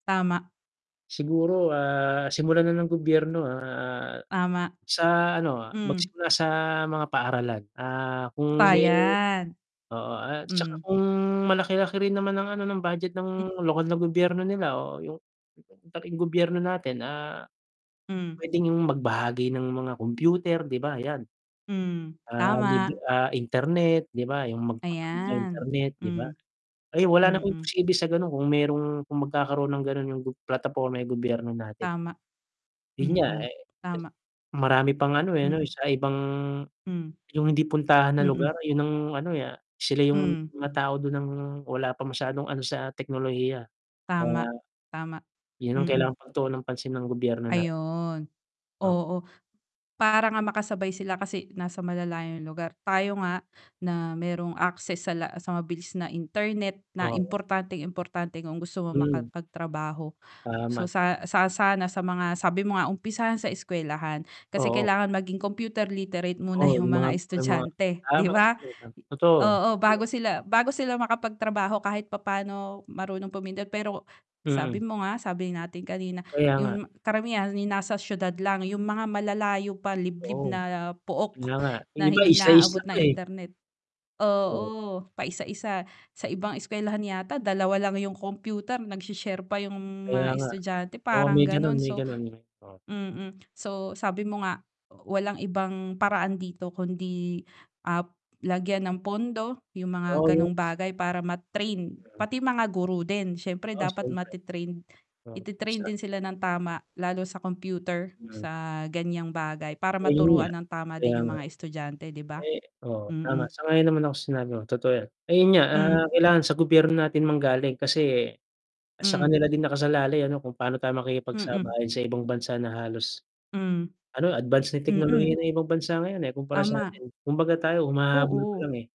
Tama. Siguro, ah, simulan na ng gobyerno, ah, Tama. sa ano Hmm. magsimula sa mga paaralan, ah, kung Pa may yan. oo at tsaka Hmm. kung malaki-laki rin naman ng ano ng budget ng lokal na gobyerno nila o yung [unintelligible] katabing gobyerno natin, ah. Hmm. Pwedeng yung mag bahagi ng mga kompyuter 'di ba yan. Hmm, Ah, lib tama. ah, internet 'di ba yung magpakabit ng Ayan, internet 'di ba? hmm. Ay, wala naman Mm. imposible sa ganon kung merong, kung magkakaroon ng ganon yung gob plataporma yung gobyerno natin. Tama, Yun nga mm. eh. Tama. Marami pang ano eh 'no Mm. sa ibang, Hmm, yung hindi puntahan na lugar mm. yun ng ano, ah, sila yung Hmm. mga tao dun ng, wala pa masyadong ano sa teknolohiya, kaya. Tama, tama, Yun ang mm. kailangang pagtuonan ng pansin ng gobyerno natin. Ayun, Ah. oo. Para nga makasabay sila kasi nasa malalayong lugar, tayo nga na merong access sa la sa mabilis na internet na Oo. importanteng-importante kung gusto mong Mhm. makapagtrabaho. So Tama, tam sa, sa sana sa mga sabi mo nga umpisahan sa eskuwelahan, kasi Oo. kailangan maging computer literate muna Oo, yung yung mga mga estudyante, ah, 'di ba? [unintelligible] totoo. Oo, bago sila, bago sila makapagtrabaho kahit papaano marunong pumindot, pero sabi Mm. mo nga, sabi natin kanina, Kaya nga. yung karamihan yung nasa siyudad lang, yung mga malalayo pa liblib Oo, na yun pook na nga. Yung na iba hindi isla-isla naaabot [unintelligible] pa ng eh. internet [unintelligible] oo, paisa-isa sa ibang eskuwelahan yata dalawa lang yung computer nag-she-share pa yung Kaya mga nga, estudyante oo parang may ganon ganon may so ganun. mm. So sabi mo nga, walang ibang paraan dito kundi, ah, lagyan ng pondo yung Oo mga yun. ganong bagay para ma-train, Mm. pati mga guro din siyempre Oo, dapat siyempre. mate-train, i-te-train din sila ng tama, lalo sa computer, Mm. sa ganyang bagay para Ayun nga, maturuan ng tama kaya din yung nga. mga estudyante 'di ba? Ay oo tama, Mm. sang-ayon naman ako sinabi mo totoo yan. Ayun nga, ah, Hmm. kailangan sa gobyerno natin manggaling kasi, sa Hmm. kanila din nakasalalay ano kung paano tayo Mm. makikipagsabayan sa ibang bansa na halos, Hmm, ano advance na teknolohiya mm. ng ibang bansa ngayon eh, kumpara sa Tama. atin. Kumbaga tayo humahabol pa Oo. lang eh.